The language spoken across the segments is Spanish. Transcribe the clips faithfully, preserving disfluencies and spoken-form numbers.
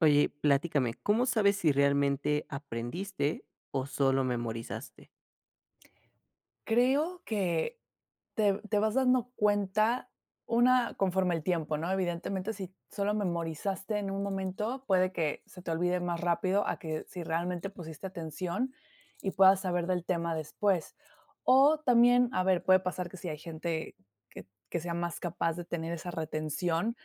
Oye, platícame, ¿cómo sabes si realmente aprendiste o solo memorizaste? Creo que te te vas dando cuenta una conforme al tiempo, ¿no?, evidentemente, si solo memorizaste en un momento, puede que se te olvide más rápido, a que si realmente pusiste atención y puedas saber del tema después, o también, a ver, puede pasar que si hay gente que que sea más capaz de tener esa retención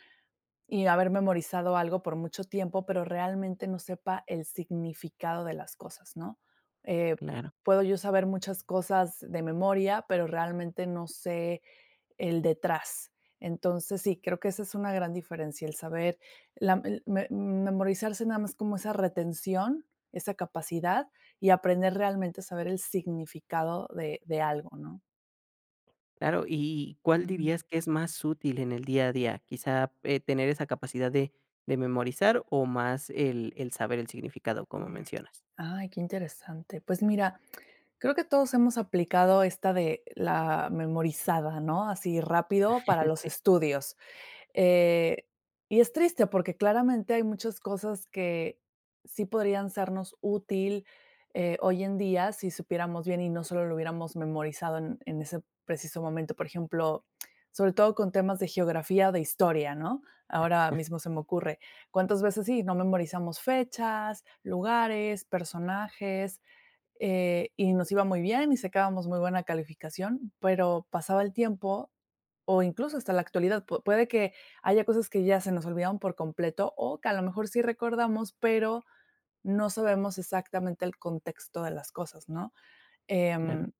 y haber memorizado algo por mucho tiempo, pero realmente no sepa el significado de las cosas, ¿no?, eh, Claro. puedo yo saber muchas cosas de memoria, pero realmente no sé el detrás, entonces sí, creo que esa es una gran diferencia, el saber la el me memorizarse nada más como esa retención, esa capacidad y aprender realmente, saber el significado de de algo, ¿no? Claro, y y, ¿cuál Uju. dirías que es más útil en el día a día, quizá, eh, tener esa capacidad de de memorizar o más el el saber el significado como mencionas? Ay, qué interesante, pues mira, creo que todos hemos aplicado esta de la memorizada, ¿no?, así rápido para los Si. estudios, eh, y es triste porque claramente hay muchas cosas que sí podrían sernos útil, eh, hoy en día si supiéramos bien y no solo lo hubiéramos memorizado en en ese preciso momento, por ejemplo, sobre todo con temas de geografía o de historia, ¿no?, ahora mismo se me ocurre, cuántas veces, sí, nos memorizamos fechas, lugares, personajes, eh, y nos iba muy bien y sacábamos muy buena calificación, pero pasaba el tiempo, o incluso hasta la actualidad, pu puede que haya cosas que ya se nos olvidaron por completo, o que a lo mejor sí recordamos, pero, no sabemos exactamente el contexto de las cosas, ¿no?, Claro. em,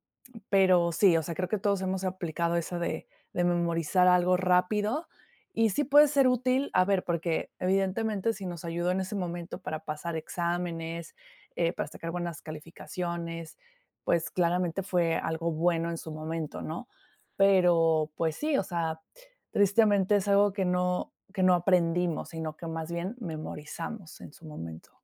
pero sí, o sea, creo que todos hemos aplicado esa de de memorizar algo rápido, y sí puede ser útil, a ver, porque, evidentemente, si nos ayudó en ese momento para pasar exámenes, eh, para sacar buenas calificaciones, pues, claramente, fue algo bueno en su momento, ¿no?, pero, pues, sí, o sea, tristemente, es algo que no que no aprendimos, sino que, más bien, memorizamos en su momento.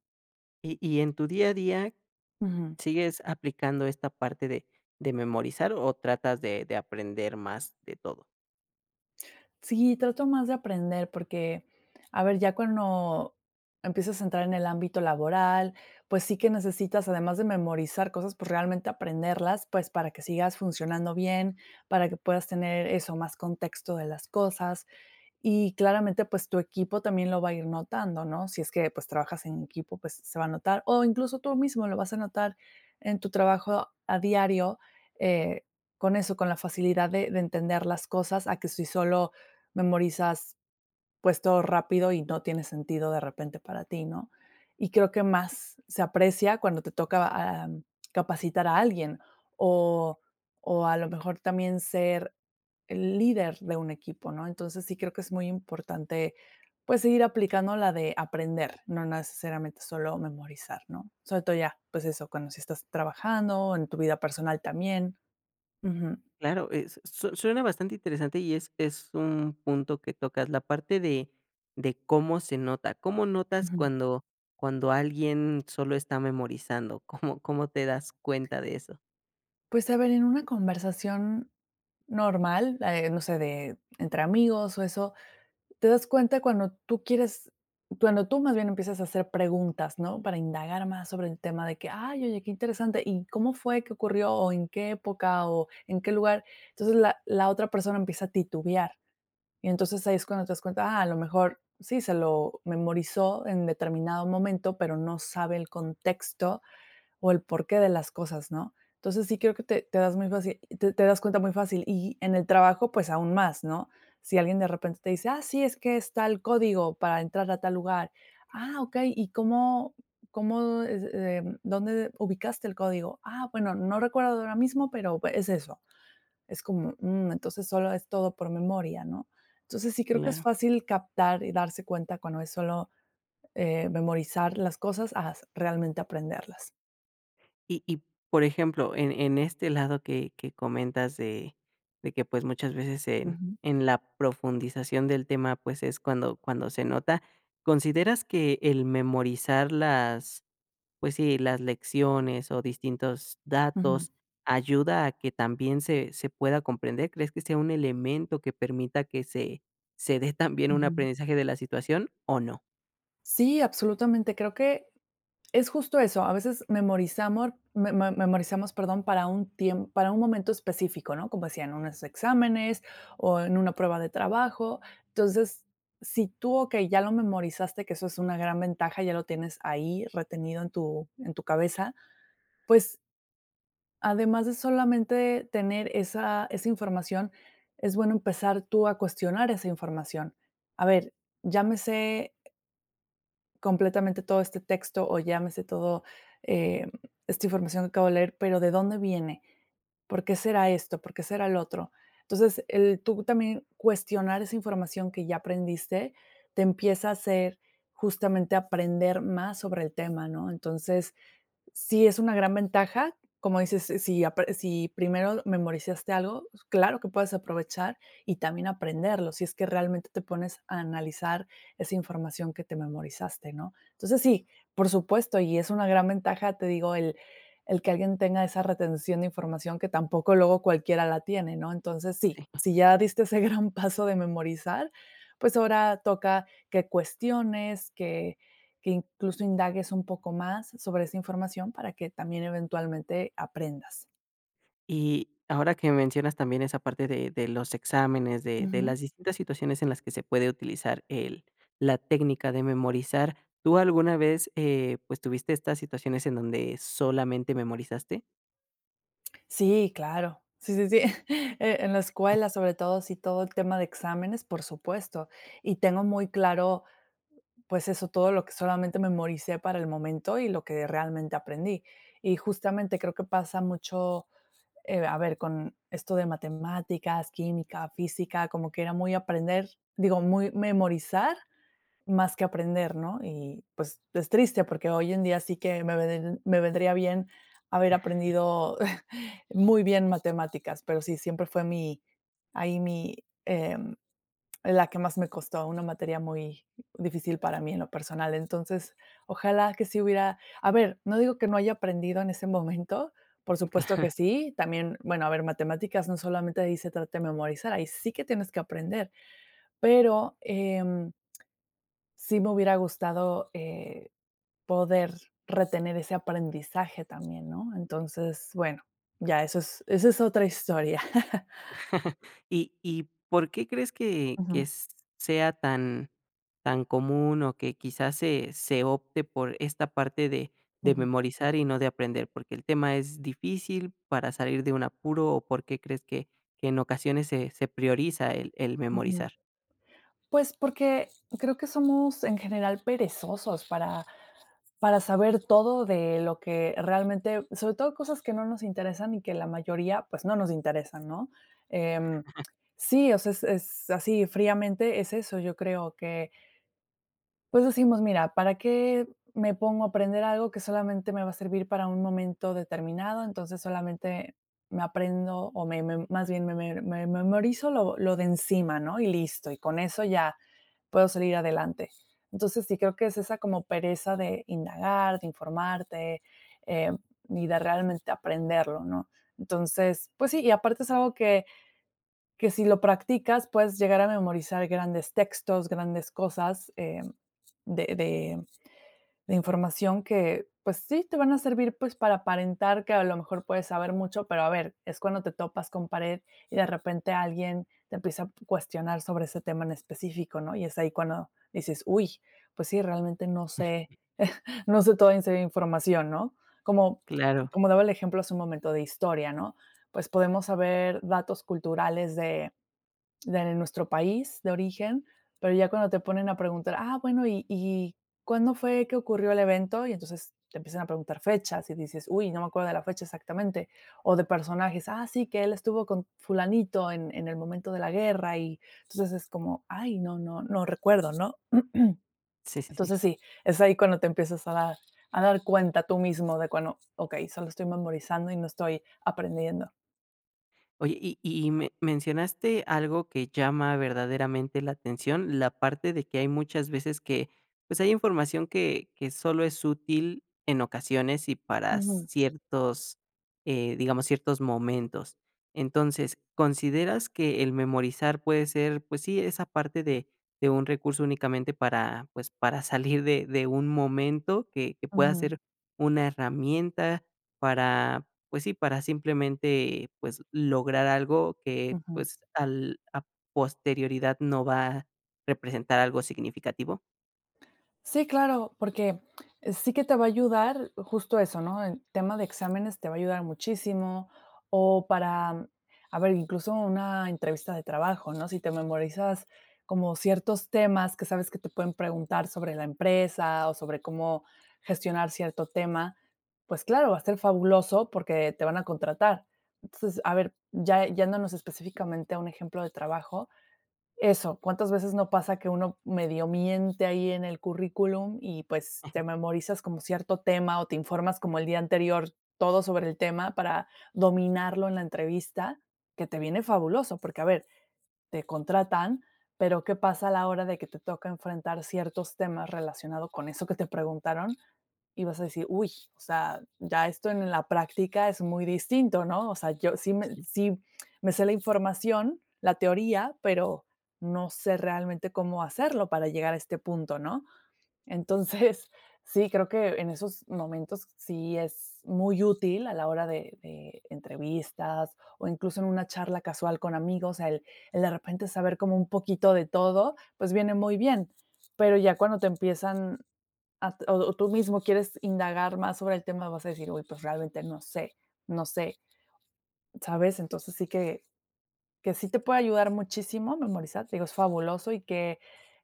¿Y y en tu día a día Ujú. sigues aplicando esta parte de de memorizar o tratas de de aprender más de todo? Sí, trato más de aprender porque a ver, ya cuando empiezas a entrar en el ámbito laboral, pues sí que necesitas, además de memorizar cosas, pues realmente aprenderlas, pues para que sigas funcionando bien, para que puedas tener eso, más contexto de las cosas y claramente, pues tu equipo también lo va a ir notando, ¿no?, si es que, pues trabajas en equipo, pues se va a notar, o incluso tú mismo lo vas a notar en tu trabajo a diario, eh, con eso, con la facilidad de de entender las cosas a que si solo memorizas, pues todo rápido y no tiene sentido de repente para ti, ¿no?, y creo que más se aprecia cuando te toca, am, capacitar a alguien o o a lo mejor, también ser el líder de un equipo, ¿no?, entonces, sí creo que es muy importante, pues, seguir aplicando la de aprender, no necesariamente solo memorizar, ¿no?, sobre todo ya pues, eso, cuando sí estás trabajando o en tu vida personal también. Ujú. Claro, eh, su suena bastante interesante y es es un punto que tocas, la parte de de cómo se nota, ¿cómo notas Ujú. cuando cuando alguien solo está memorizando? ¿Cómo cómo te das cuenta de eso? Pues, a ver, en una conversación normal, eh, no sé, de entre amigos o eso, te das cuenta cuando tú quieres cuando tú más bien empiezas a hacer preguntas, ¿no?, para indagar más sobre el tema de que: "Ay, oye, qué interesante, ¿y cómo fue que ocurrió o en qué época o en qué lugar?", entonces, la la otra persona empieza a titubear y entonces, ahí es cuando te das cuenta: "Ah, a lo mejor", sí, se lo memorizó en determinado momento, pero no sabe el contexto o el porqué de las cosas, ¿no?, entonces, sí creo que te te das muy fácil te te das cuenta muy fácil y en el trabajo, pues aún más, ¿no?, si alguien de repente te dice: "Ah, sí, es que es tal código para entrar a tal lugar". "Ah, okey, ¿y cómo cómo es, em dónde ubicaste el código?". "Ah, bueno, no recuerdo de ahora mismo pero es eso". Es como: "Mm, entonces solo es todo por memoria", ¿no?, entonces, sí creo que es Claro. fácil captar y darse cuenta cuando es solo, eh, memorizar las cosas a s realmente aprenderlas. Y y, por ejemplo, en en este lado que que comentas de de que, pues, muchas veces en Ujú. en la profundización del tema, pues, es cuando cuando se nota, ¿consideras que el memorizar las, pues sí, las lecciones o distintos Ujú datos, ayuda a que también se se pueda comprender? ¿Crees que sea un elemento que permita que se se dé también un Ujú. aprendizaje de la situación, o no? Sí, absolutamente. Creo que es justo eso, a veces memorizamor, memo memorizamos, perdón, para un tiem para un momento específico, ¿no?, como decía, en unos exámenes o en una prueba de trabajo. Entonces, si tú okey, ya lo memorizaste, que eso es una gran ventaja, ya lo tienes ahí, retenido en tu en tu cabeza, pues además de solamente tener esa esa información. Es bueno empezar tú a cuestionar esa información. A ver, llámese completamente todo este texto o llámese todo, em, esta información que acabo de leer, pero, ¿de dónde viene? ¿Por qué será esto? ¿Por qué será lo otro? Entonces, el tú también cuestionar esa información que ya aprendiste, te empieza a hacer, justamente, aprender más sobre el tema, ¿no? Entonces, sí es una gran ventaja, como dices, si apre si primero memorizaste algo, claro que puedes aprovechar y también aprenderlo, si es que realmente te pones a analizar esa información que te memorizaste, ¿no? Entonces, sí, por supuesto, y es una gran ventaja, te digo, el el que alguien tenga esa retención de información que tampoco luego cualquiera la tiene, ¿no? Entonces, sí, Sí. si ya diste ese gran paso de memorizar, pues, ahora toca que cuestiones, que que, incluso, indagues un poco más sobre esa información para que también, eventualmente, aprendas. Y ahora que mencionas también esa parte de de los exámenes, de de Ujú. las distintas situaciones en las que se puede utilizar el la técnica de memorizar, ¿tú alguna vez, eh, pues, tuviste estas situaciones en donde solamente memorizaste? Sí, claro. Sí, sí, sí. Eh, en la escuela, sobre todo, sí, todo el tema de exámenes, por supuesto. Y tengo muy claro, pues eso, todo lo que solamente memoricé para el momento, y lo que realmente aprendí. Y justamente, creo que pasa mucho, eh, a ver, con esto de matemáticas, química, física, como que era muy aprender digo, muy memorizar más que aprender, ¿no? Y, pues, es triste, porque hoy en día sí que me ven me vendría bien haber Ajá. aprendido muy bien matemáticas, pero sí, siempre fue mi, ahí mi em, la que más me costó, una materia muy difícil para mí en lo personal. Entonces, ojalá que sí hubiera a ver, no digo que no haya aprendido en ese momento, por Mm, supuesto que ajá. sí. También bueno, a ver matemáticas, no solamente ahí se trata de memorizar, ahí sí que tienes que aprender. Pero, em, sí me hubiera gustado, eh, poder retener ese aprendizaje también, ¿no? Entonces, bueno, ya eso es eso es otra historia. Y y, ¿por qué crees que que Ujú. sea tan tan común, o que, quizás, se se opte por esta parte de de Ujú. memorizar y no de aprender? ¿Por qué el tema es difícil para salir de un apuro? O, ¿por qué crees que que en ocasiones se se prioriza el el Ujú. memorizar? Pues, porque creo que somos, en general, perezosos para para saber todo de lo que realmente, sobre todo cosas que no nos interesan, y que la mayoría, pues, no nos interesan, ¿no? Em, sí o sea, es es así, fríamente es eso, yo creo que pues, decimos, mira, ¿para qué me pongo a aprender algo que solamente me va a servir para un momento determinado? Entonces, solamente me aprendo o me me más bien, me me memorizo lo lo de encima, ¿no?, y listo. Y con eso ya puedo salir adelante. Entonces, sí creo que es esa como pereza de indagar, de informarte, em, y de realmente aprenderlo, ¿no? Entonces, pues sí, y aparte es algo que, que, si lo practicas, puedes llegar a memorizar grandes textos, grandes cosas, em, de de de información que, pues sí, te van a servir, pues, para aparentar que, a lo mejor, puedes saber mucho, pero, a ver, es cuando te topas con pared, y,de repente, alguien te empieza a cuestionar p sobre ese tema en específico, ¿no? Y es ahí cuando dices: "¡Uy!", pues sí, realmente no sé no sé toda esa información, ¿no? Como Claro. como daba el ejemplo hace un momento de historia, ¿no? Pues, podemos saber datos culturales de de nuestro país de origen. Pero ya cuando te ponen a preguntar: "Ah, bueno, y y ¿cuándo fue que ocurrió el evento?" Y entonces, te empiezan a preguntar fechas y dices: "Uy, no me acuerdo de la fecha exactamente". O de personajes, ah, sí, que él estuvo con fulanito en en el momento de la guerra, y, entonces, es como, ay, no no no recuerdo, ¿no? Sí, sí, sí. Entonces, sí, es ahí cuando te empiezas a dar a dar cuenta tú mismo de cuando, okey, solo estoy memorizando y no estoy aprendiendo. Oye, y y me mencionaste algo que llama verdaderamente la atención, la parte de que hay muchas veces que, pues, hay información que que solo es útil en ocasiones y para Ujú. ciertos, eh, digamos, ciertos momentos. Entonces, ¿consideras que el memorizar puede ser, pues sí, esa parte de de un recurso únicamente para, pues, para salir de de un momento que que pueda Ujú. ser una herramienta para, pues sí, para simplemente pues lograr algo que Ujú. pues al a posterioridad no va representar algo significativo? Sí, claro, porque sí que te va a ayudar justo eso, ¿no?, en tema de exámenes te va a ayudar muchísimo, o para, a ver, incluso una entrevista de trabajo, ¿no? Si te memorizas como ciertos temas que sabes que te pueden preguntar sobre la empresa o sobre cómo gestionar cierto tema, pues claro, va a ser fabuloso porque te van a contratar. Entonces, a ver, ya yéndonos específicamente a un ejemplo de trabajo, eso, ¿cuántas veces no pasa que uno medio miente ahí en el currículum? Y, pues, te memorizas como cierto tema o te informas como el día anterior todo sobre el tema para dominarlo en la entrevista, que te viene fabuloso, porque, a ver, te contratan, pero, ¿qué pasa a la hora de que te toca enfrentar ciertos temas relacionado con eso que te preguntaron? Y vas a decir: "Uy, o sea, ya esto en la práctica es muy distinto", ¿no?, o sea, yo sí me Sí. sí me sé la información, la teoría, pero no sé realmente cómo hacerlo para llegar a este punto, ¿no? Entonces, sí, creo que en esos momentos sí es muy útil, a la hora de de entrevistas o incluso en una charla casual con amigos, el el, de repente, saber como un poquito de todo, pues viene muy bien, pero ya cuando te empiezan a o o tú mismo quieres indagar más sobre el tema, vas a deci: "Uy, pues, realmente no sé no sé, ¿sabes? Entonces, sí que que sí te puede ayudar muchísimo, memorizar, te digo, es fabuloso y que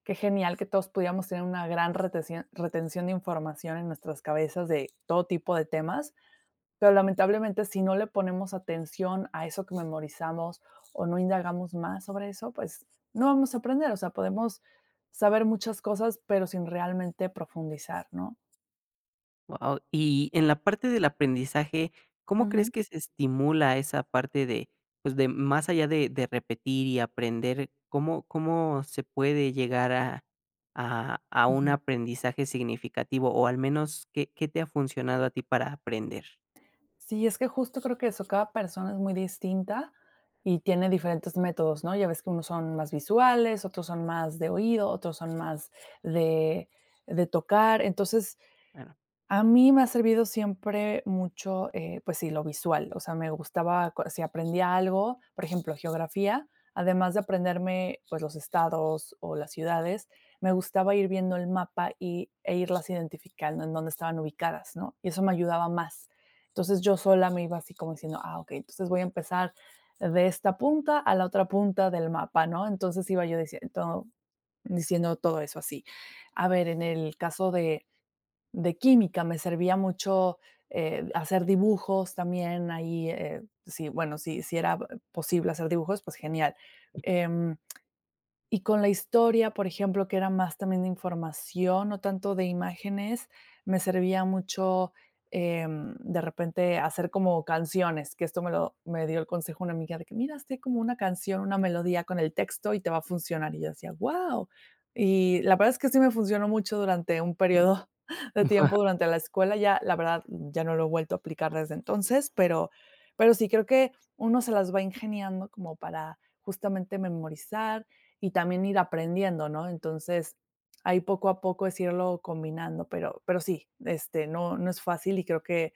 que genial que todos pudiéramos tener una gran reteción, retención de información, en nuestras cabezas, de todo tipo de temas, pero, lamentablemente, si no le ponemos atención a eso que memorizamos o no indagamos más sobre eso, pues, no vamos a aprender, o sea, podemos saber muchas cosas, pero sin realmente profundizar, ¿no? Wao. Y en la parte del aprendizaje, ¿cómo crees Ujú. que se estimula esa parte de, pues, de más allá de de repetir y aprender, ¿cómo cómo se puede llegar a, a a un Ujú. aprendizaje significativo, o al menos qué, qué te ha funcionado a ti para aprender? Sí, es que, justo, creo que eso cada persona es muy distinta y tiene diferentes métodos, ¿no? Ya ves que unos son más visuales, otros son más de oído, otros son más de, de tocar. Entonces, Bueno. a mí me ha servido siempre mucho, eh, pues sí, lo visual. O sea, me gustaba otros c si aprendía algo, por ejemplo, geografía, además de aprenderme, pues, los estados o las ciudades, me gustaba ir viendo el mapa y e irlas identificando en dónde estaban ubicadas, ¿no? Y eso me ayudaba más. Entonces, yo sola me iba así como diciendo: "Ah, okey, entonces, voy a empezar de esta punta a la otra punta del mapa", ¿no? Entonces, iba yo dicien todo, diciendo todo eso así. A ver, en el caso de de química, me servía mucho, eh, hacer dibujos también ahí, eh, si, bueno, si, si era b posible hacer dibujos, pues genial, em, y con la historia, por ejemplo, que era más también de información, no tanto de imágenes, me servía mucho, em, de repente, hacer como canciones, que esto me lo me dio el consejo una amiga de que: "Mira, hazte como una canción, una melodía con el texto, y te va a funcionar". Y yo decía: "Guau". Y la verdad es que sí me funcionó mucho durante un período de tiempo Wao. durante la escuela, ya, la verdad, ya no lo he vuelto a aplicar desde entonces, pero, pero sí, creo que uno se las va ingeniando como para, justamente, memorizar, y también ir aprendiendo, ¿no? Entonces, ahí poco a poco es irlo combinando, pero, pero sí, este, no no es fácil. Y creo que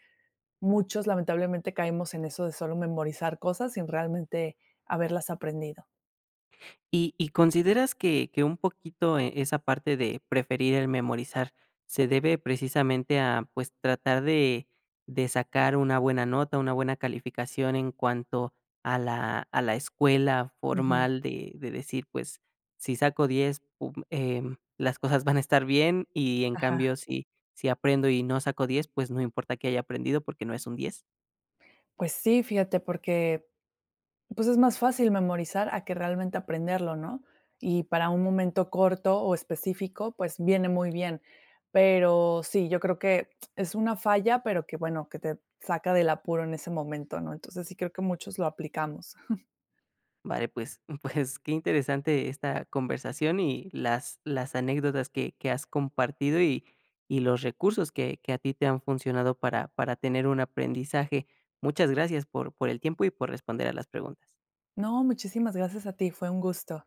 muchos, lamentablemente, caemos en eso de solo memorizar cosas sin realmente haberlas aprendido. ¿Y y consideras que que un poquito, eh, esa parte de preferir el memorizar, se debe precisamente a, pues, tratar de de sacar una buena nota, una buena calificación en cuanto a la a la escuela Ujú. formal de de decir: "Pues, si saco diez um eh, las cosas van a estar bien. Y, en Ajá. cambio, si, si aprendo, y no saco diez pues, no importa qué haya aprendido, porque no es un diez". Pues sí, fíjate, porque, pues, es más fácil memorizar a que realmente aprenderlo, ¿no? Y para un momento corto, o específico, pues, viene muy bien. Pero sí, yo creo que es una falla, pero que, bueno, que te saca del apuro en ese momento, ¿no? Entonces, sí creo que muchos lo aplicamos. Vale, pues, pues qué interesante esta conversación, y las, las anécdotas que que has compartido, y y los recursos que que a ti te han funcionado para para tener un aprendizaje. Muchas gracias por por el tiempo y por responder a las preguntas. No, muchísimas gracias a ti, fue un gusto.